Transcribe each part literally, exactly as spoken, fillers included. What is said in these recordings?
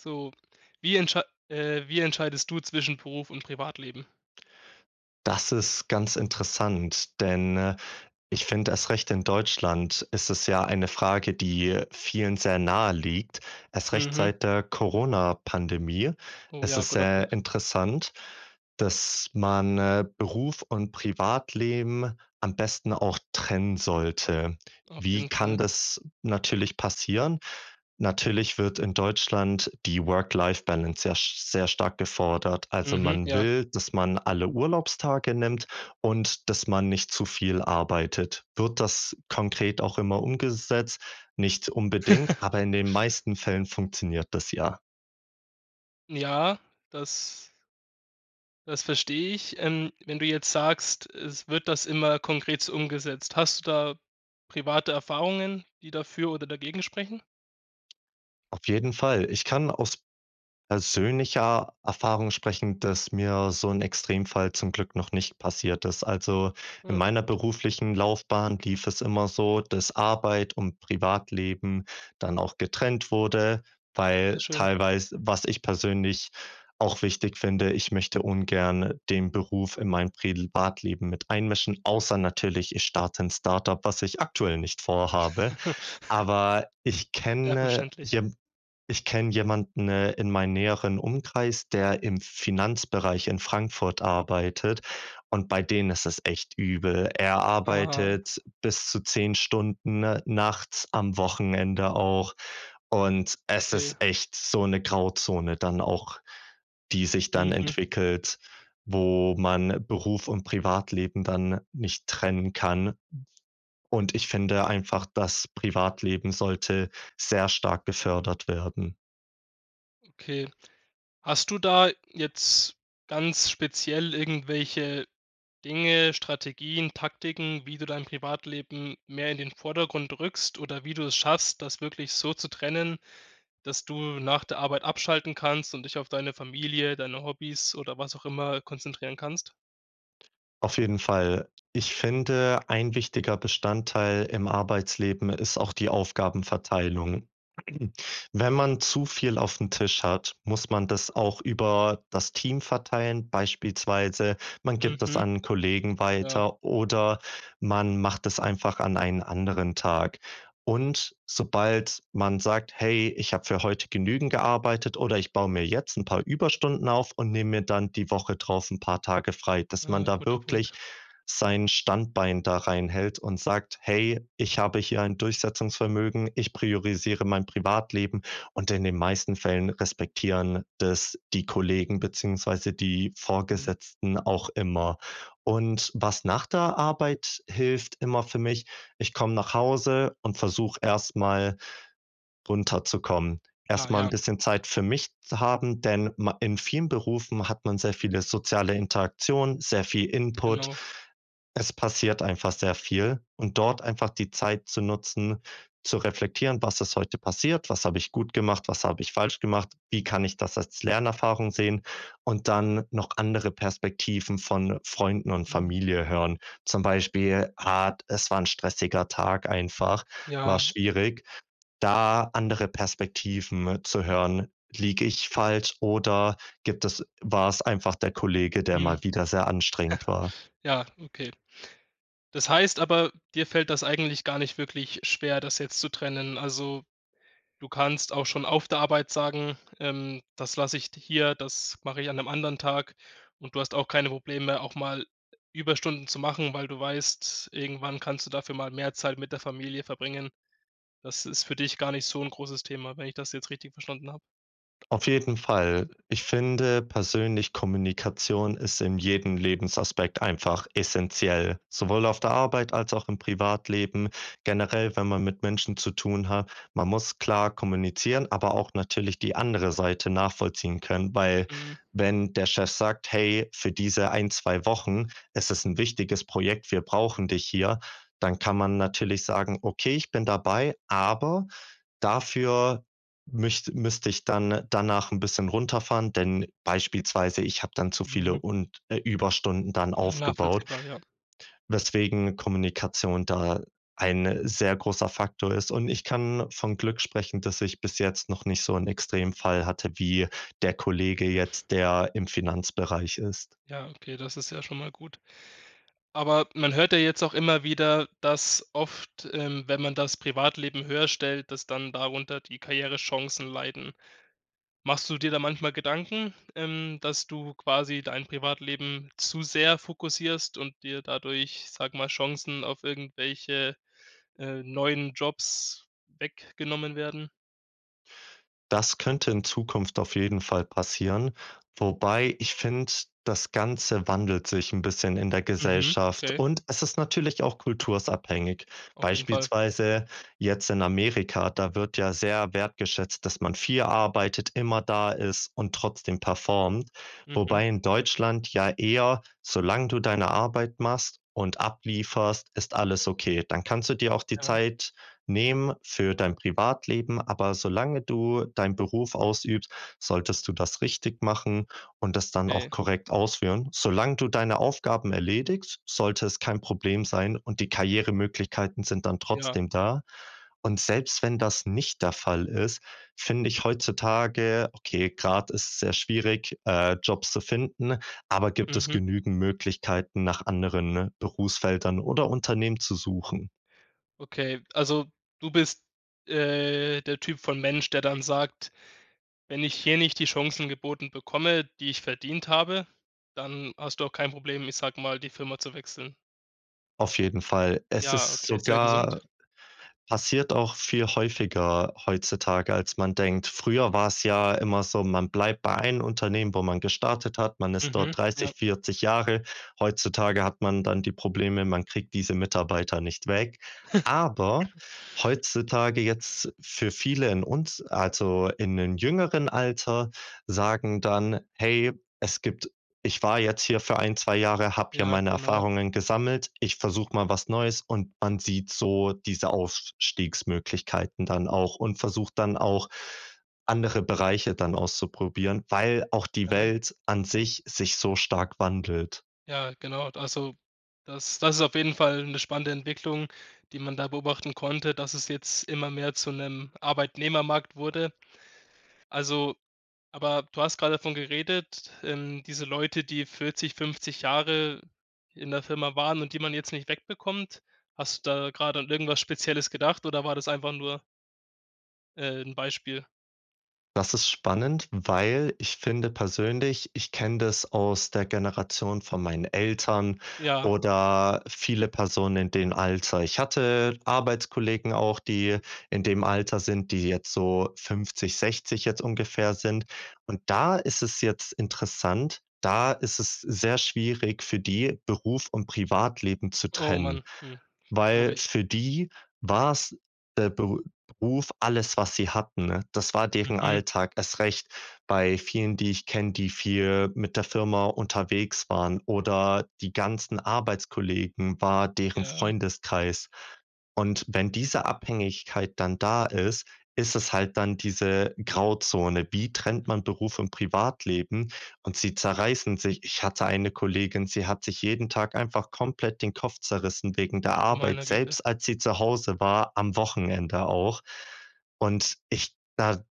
So, wie entschei äh, wie entscheidest du zwischen Beruf und Privatleben? Das ist ganz interessant, denn, äh, ich finde, erst recht in Deutschland ist es ja eine Frage, die vielen sehr naheliegt. Erst recht Mhm. seit der Coronapandemie Oh ist ja, es guter sehr Punkt. interessant, dass man, äh, Beruf und Privatleben am besten auch trennen sollte. Auf Wie jeden kann Fall. das natürlich passieren? Natürlich wird in Deutschland die Work-Life-Balance ja s sehr stark gefordert. Also, Mhm, man ja. will, dass man alle Urlaubstage nimmt und dass man nicht zu viel arbeitet. Wird das konkret auch immer umgesetzt? Nicht unbedingt, aber in den meisten Fällen funktioniert das ja. Ja, das das verstehe ich. Ähm, wenn du jetzt sagst: „Es wird das immer konkret umgesetzt?" Hast du da private Erfahrungen, die dafür oder dagegen sprechen? Auf jeden Fall. Ich kann aus persönlicher Erfahrung sprechen, dass mir so 'n Extremfall zum Glück noch nicht passiert ist. Also, in Ja, meiner gut. beruflichen Laufbahn lief es immer so, dass Arbeit und Privatleben dann auch getrennt wurde, Sehr weil schön. teilweise was ich persönlich auch wichtig finde, ich möchte ungerne den Beruf in mein Privatleben mit einmischen, außer natürlich, ich starte 'n Start-up, was ich aktuell nicht vorhabe. Aber ich Ja, kenne verständlich. je ich kenne jemanden, äh, in meinem näheren Umkreis, der im Finanzbereich in Frankfurt arbeitet, und bei denen ist es echt übel. Er Aha. arbeitet bis zu zehn Stunden nachts am Wochenende auch und es ist Okay. echt so 'ne Grauzone dann auch, die sich dann Mhm. entwickelt, wo man Beruf und Privatleben dann nicht trennen kann. Und ich finde einfach, das Privatleben sollte sehr stark gefördert werden. Okay. Hast du da jetzt ganz speziell irgendwelche Dinge, Strategien, Taktiken, wie du dein Privatleben mehr in den Vordergrund rückst oder wie du es schaffst, das wirklich so zu trennen, dass du nach der Arbeit abschalten kannst und dich auf deine Familie, deine Hobbys oder was auch immer konzentrieren kannst? Auf jeden Fall. Ich finde, ein wichtiger Bestandteil im Arbeitsleben ist auch die Aufgabenverteilung. Wenn man zu viel aufm Tisch hat, muss man das auch über das Team verteilen, beispielsweise man gibt es Mhm. an Kollegen Ja. weiter, oder man macht es einfach an einen anderen Tag. Und sobald man sagt: „Hey, ich habe für heute genügend gearbeitet, oder ich baue mir jetzt 'n paar Überstunden auf und nehme mir dann die Woche drauf 'n paar Tage frei." Dass Ah, man da guter Punkt. wirklich sein Standbein da reinhält und sagt: „Hey, ich habe hier ein Durchsetzungsvermögen, ich priorisiere mein Privatleben." Und in den meisten Fällen respektieren das die Kollegen beziehungsweise die Mhm. Vorgesetzten auch immer. Und was nach der Arbeit hilft immer für mich ich komme nach Hause und versuche erst mal runterzukommen. Erst Ah, mal 'n ja. bisschen Zeit für mich zu haben, denn ma in vielen Berufen hat man sehr viele soziale Interaktionen, sehr viel Input. Genau. Es passiert einfach sehr viel. Und dort einfach die Zeit zu nutzen, zu reflektieren: „Was ist heute passiert? Was habe ich gut gemacht? Was habe ich falsch gemacht? Wie kann ich das als Lernerfahrung sehen?“ Und dann noch andere Perspektiven von, äh, Freunden und Mhm. Familie hören. Zum Beispiel Art es war 'n stressiger Tag einfach, war Ja. schwierig, da andere Perspektiven zu Mhm. hören. Liege ich falsch oder gibt es war's einfach der Kollege, der Mhm. mal wieder sehr anstrengend war? Ja, okay. Das heißt aber, dir fällt das eigentlich gar nicht wirklich schwer, das jetzt zu trennen? Also, du kannst auch schon auf der Arbeit sagen, ähm: „Das lasse ich d hier, das mache ich an 'nem anderen Tag." Und du hast auch keine Probleme, auch mal Überstunden zu machen, weil du weißt, irgendwann kannst du dafür mal mehr Zeit mit der Familie verbringen? Das ist für dich gar nicht so 'n großes Thema, wenn ich das jetzt richtig verstanden habe? Auf jeden Fall. Ich finde persönlich, Kommunikation ist in jedem Lebensaspekt einfach essenziell, sowohl auf der Arbeit als auch im Privatleben. Generell, wenn man mit Menschen zu tun hat man muss klar kommunizieren, aber auch natürlich die andere Seite nachvollziehen können, weil Mhm. wenn der Chef sagt: „Hey, für diese ein, zwei Wochen ist es 'n wichtiges Projekt, wir brauchen dich hier." Dann kann man natürlich sagen: „Okay, ich bin dabei, aber dafür müsst müsste ich dann danach 'n bisschen runterfahren, denn beispielsweise ich habe dann zu viele Mhm. und äh, Überstunden dann aufgebaut." Nachvollziehbar, ja. Weswegen Kommunikation da ein sehr großer Faktor ist. Und ich kann von Glück sprechen, dass ich bis jetzt noch nicht so 'n Extremfall hatte wie der Kollege jetzt, der im Finanzbereich ist. Ja, okay, das ist ja schon mal gut. Aber man hört ja jetzt auch immer wieder, dass oft ähm, wenn man das Privatleben höherstellt, dass dann darunter die Karrierechancen leiden. Machst du dir da manchmal Gedanken, ähm, dass du quasi dein Privatleben zu sehr fokussierst und dir dadurch, ich sage mal, Chancen auf irgendwelche, äh, neuen Jobs weggenommen werden? Das könnte in Zukunft auf jeden Fall passieren, wobei ich finde, das Ganze wandelt sich 'n bisschen in der Mhm, Gesellschaft okay. und es ist natürlich auch kultursabhängig. Auf jeden Fall. Beispielsweise jetzt in Amerika, da wird ja sehr wertgeschätzt, dass man viel arbeitet, immer da ist und trotzdem performt. Mhm. Wobei in Deutschland ja eher solange du deine Arbeit machst und ablieferst, ist alles okay. Dann kannst du dir auch die Ja. Zeit nehmen für dein Privatleben, aber solange du deinen Beruf ausübst, solltest du das richtig machen und das dann auch Okay. korrekt ausführen. Solange du deine Aufgaben erledigst, sollte es kein Problem sein, und die Karrieremöglichkeiten sind dann Ja. trotzdem da. Und selbst wenn das nicht der Fall ist, finde ich heutzutage okay, gerade ist es sehr schwierig, äh, Jobs zu finden, aber gibt es Mhm. genügend Möglichkeiten, nach anderen Berufsfeldern oder Unternehmen zu suchen. Okay, also du bist, äh, der Typ von Mensch, der dann sagt: „Wenn ich hier nicht die Chancen geboten bekomme, die ich verdient habe,“ dann hast du auch kein Problem, ich sage mal, die Firma zu wechseln? Auf jeden Fall. Es Ja, ist okay, ist sehr gesund. sogar passiert auch viel häufiger heutzutage, als man denkt. Früher war's ja immer so, man bleibt bei einem Unternehmen, wo man gestartet hat. Man ist Mhm, dort ja. dreißig, vierzig Jahre. Heutzutage hat man dann die Probleme, man kriegt diese Mitarbeiter nicht weg. Aber heutzutage jetzt für viele in uns also in den jüngeren Alter sagen dann: „Hey, es gibt ich war jetzt hier für ein, zwei Jahre, habe hier Ja, meine genau. Erfahrungen gesammelt. Ich versuche mal was Neues.“ Und man sieht so diese Aufstiegsmöglichkeiten dann auch und versucht dann auch, andere Bereiche dann auszuprobieren, weil auch die Ja. Welt an sich sich so stark wandelt. Ja, genau. Also das das ist auf jeden Fall 'ne spannende Entwicklung, die man da beobachten konnte, dass es jetzt immer mehr zu 'nem Arbeitnehmermarkt wurde. Also aber du hast gerade davon geredet, ähm, diese Leute, die vierzig, fünfzig Jahre in der Firma waren und die man jetzt nicht wegbekommt. Hast du da gerade an irgendwas Spezielles gedacht oder war das einfach nur äh, 'n Beispiel? Das ist spannend, weil ich finde persönlich ich kenne das aus der Generation von meinen Eltern Ja. oder viele Personen in dem Alter. Ich hatte Arbeitskollegen auch, die in dem Alter sind, die jetzt so fünfzig, sechzig jetzt ungefähr sind. Und da ist es jetzt interessant, da ist es sehr schwierig für die, Beruf und Privatleben zu Oh trennen, Mann. Hm. Glaube weil ich. für die war's der Be Beruf alles, was sie hatten, ne? Das war deren Mhm. Alltag erst recht bei vielen, die ich kenne, die viel mit der Firma unterwegs waren, oder die ganzen Arbeitskollegen war deren Ja. Freundeskreis. Und wenn diese Abhängigkeit dann da ist, ist es halt dann diese Grauzone. Wie trennt man Beruf und Privatleben? Und sie zerreißen sich. Ich hatte eine Kollegin, sie hat sich jeden Tag einfach komplett den Kopf zerrissen wegen der Du Arbeit, meine Güte. selbst als sie zu Hause war, am Wochenende auch. Und ich da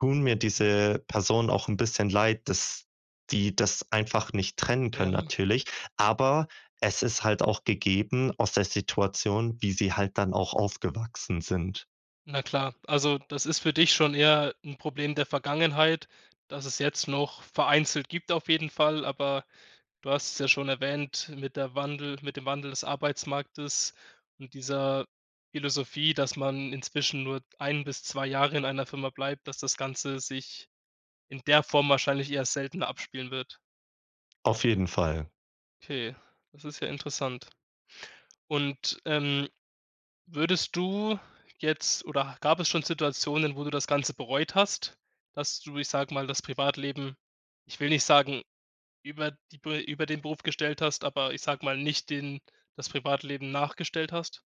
tun mir diese Personen auch 'n bisschen Leid, dass die das einfach nicht trennen können Ja. natürlich, aber es ist halt auch gegeben aus der Situation, wie sie halt dann auch aufgewachsen sind. Na klar, also das ist für dich schon eher 'n Problem der Vergangenheit, dass es jetzt noch vereinzelt gibt auf jeden Fall, aber du hast es ja schon erwähnt mit der Wandel mit dem Wandel des Arbeitsmarktes und dieser Philosophie, dass man inzwischen nur ein bis zwei Jahre in einer Firma bleibt, dass das Ganze sich in der Form wahrscheinlich erst seltener abspielen wird. Auf jeden Fall. Okay, das ist ja interessant. Und, ähm, würdest du jetzt oder gab es schon Situationen, wo du das ganze bereut hast, dass du, ich sage mal, das Privatleben ich will nicht sagen über die über den Beruf gestellt hast, aber ich sage mal nicht den das Privatleben nachgestellt hast?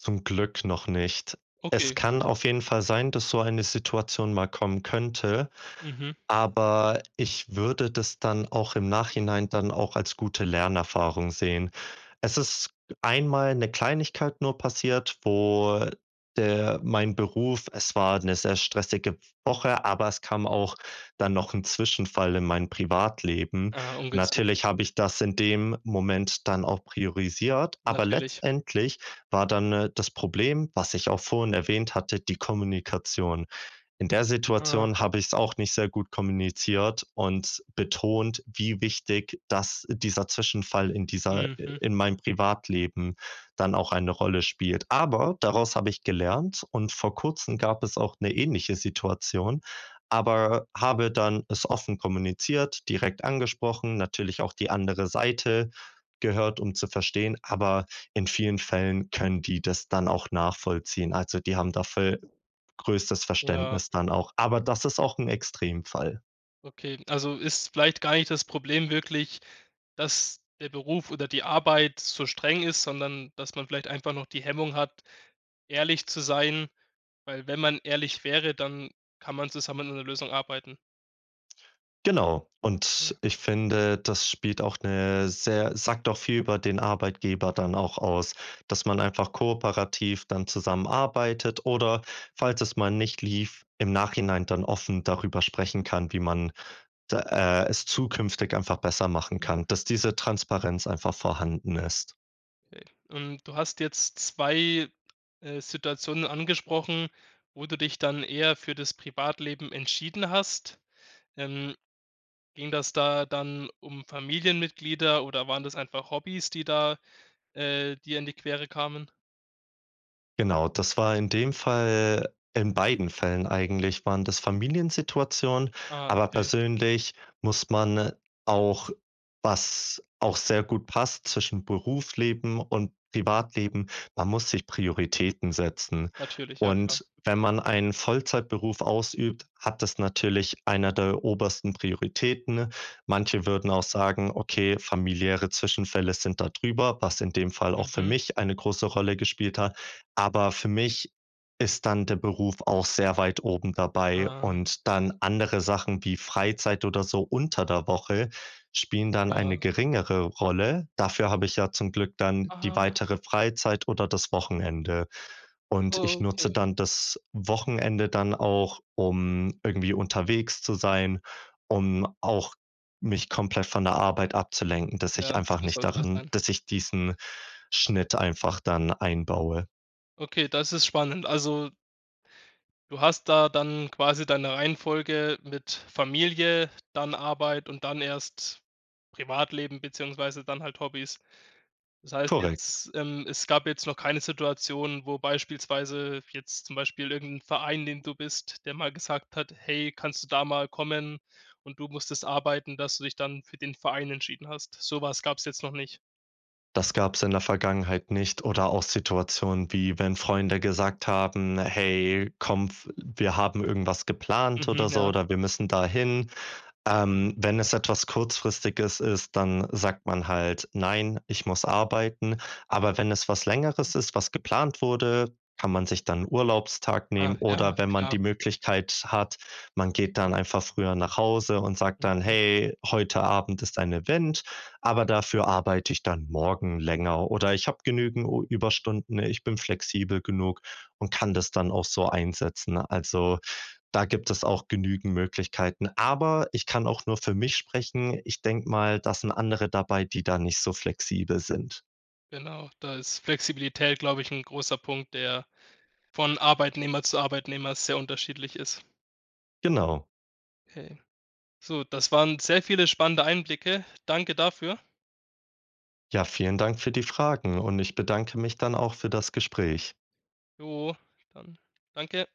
Zum Glück noch nicht. Es Okay, gut. kann auf jeden Fall sein, dass so eine Situation mal kommen könnte. Mhm. Aber ich würde das dann auch im Nachhinein dann auch als gute Lernerfahrung sehen. Es ist einmal 'ne Kleinigkeit nur passiert, wo der mein Beruf es war 'ne sehr stressige Woche, aber es kam auch dann noch 'n Zwischenfall in mein Privatleben. Ah, ungünstig. Natürlich habe ich das in dem Moment dann auch priorisiert, aber Natürlich. letztendlich war dann, äh, das Problem, was ich auch vorhin erwähnt hatte, die Kommunikation. In der Situation Aha. habe ich's auch nicht sehr gut kommuniziert und betont, wie wichtig das dieser Zwischenfall in dieser i Mhm. in meinem Privatleben dann auch eine Rolle spielt. Aber daraus habe ich gelernt, und vor Kurzem gab es auch 'ne ähnliche Situation, aber habe dann es offen kommuniziert, direkt angesprochen, natürlich auch die andere Seite gehört, um zu verstehen, aber in vielen Fällen können die das dann auch nachvollziehen. Also die haben dafür größtes Ja. Verständnis dann auch. Aber das ist auch 'n Extremfall. Okay. Also, ist vielleicht gar nicht das Problem wirklich, dass der Beruf oder die Arbeit so streng ist, sondern dass man vielleicht einfach noch die Hemmung hat, ehrlich zu sein, weil wenn man ehrlich wäre, dann kann man zusammen an 'ner Lösung arbeiten? Genau. Und Ja. ich finde, das spielt auch 'ne sehr sagt auch viel über den Arbeitgeber dann auch aus, dass man einfach kooperativ dann zusammenarbeitet oder falls es mal nicht lief, im Nachhinein dann offen darüber sprechen kann, wie man d äh, es zukünftig einfach besser machen Mhm. kann, dass diese Transparenz einfach vorhanden ist. Okay. Und du hast jetzt zwei, äh, Situationen angesprochen, wo du dich dann eher für das Privatleben entschieden hast. Ähm, ging das da dann um Familienmitglieder oder waren das einfach Hobbys, die da, äh, dir in die Quere kamen? Genau, das war in dem Fall in beiden Fällen eigentlich, waren das Familiensituationen. Ah, Aber okay. persönlich muss man auch was auch sehr gut passt zwischen Berufsleben und Privatleben man muss sich Prioritäten setzen. Natürlich, ja klar. Und wenn man einen Vollzeitberuf ausübt, hat das natürlich eine der obersten Prioritäten. Manche würden auch sagen: „Okay, familiäre Zwischenfälle sind da drüber", was in dem Fall auch für Mhm. mich eine große Rolle gespielt hat. Aber für mich ist dann der Beruf auch sehr weit oben dabei, Ah. und dann andere Sachen wie Freizeit oder so unter der Woche spielen dann eine Ja. geringere Rolle. Dafür habe ich ja zum Glück dann die Aha. weitere Freizeit oder das Wochenende. Und Oh, ich nutze okay. dann das Wochenende dann auch, um irgendwie unterwegs zu sein, um auch mich komplett von der Arbeit abzulenken, dass ich Ja, einfach so nicht sollte das darin sein. dass ich diesen Schnitt einfach dann einbaue. Okay, das ist spannend, also du hast da dann quasi deine Reihenfolge mit Familie, dann Arbeit und dann erst Privatleben beziehungsweise dann halt Hobbys. Das heißt Korrekt. jetzt, es gab jetzt noch keine Situation, wo beispielsweise jetzt zum Beispiel irgendein Verein, in den du bist, der mal gesagt hat: „Hey, kannst du da mal kommen und du müsstest arbeiten", dass du dich dann für den Verein entschieden hast? So was gab's jetzt noch nicht? Das gab's in der Vergangenheit nicht oder auch Situationen, wie wenn Freunde gesagt haben: „Hey, komm, w wir haben irgendwas geplant Mhm. oder so Ja. oder wir müssen da hin." Ähm, wenn es etwas Kurzfristiges ist, dann sagt man halt: „Nein, ich muss arbeiten." Aber wenn es was Längeres ist, was geplant wurde, kann man sich dann 'n Urlaubstag nehmen, Ah ja oder wenn man klar. die Möglichkeit hat man geht dann einfach früher nach Hause und sagt dann: Mhm. „Hey, heute Abend ist ein Event, aber dafür arbeite ich dann morgen länger“ oder „Ich habe genügend Überstunden, ich bin flexibel genug und kann das dann auch so einsetzen." Also, da gibt es auch genügend Möglichkeiten, aber ich kann auch nur für mich sprechen. Ich denke mal, da sind andere dabei, die da nicht so flexibel sind. Genau, da ist Flexibilität, glaube ich, 'n großer Punkt, der von Arbeitnehmer zu Arbeitnehmer sehr unterschiedlich ist. Genau. Okay. So, das waren sehr viele spannende Einblicke. Danke dafür. Ja, vielen Dank für die Fragen und ich bedanke mich dann auch für das Gespräch. Jo, dann danke dir.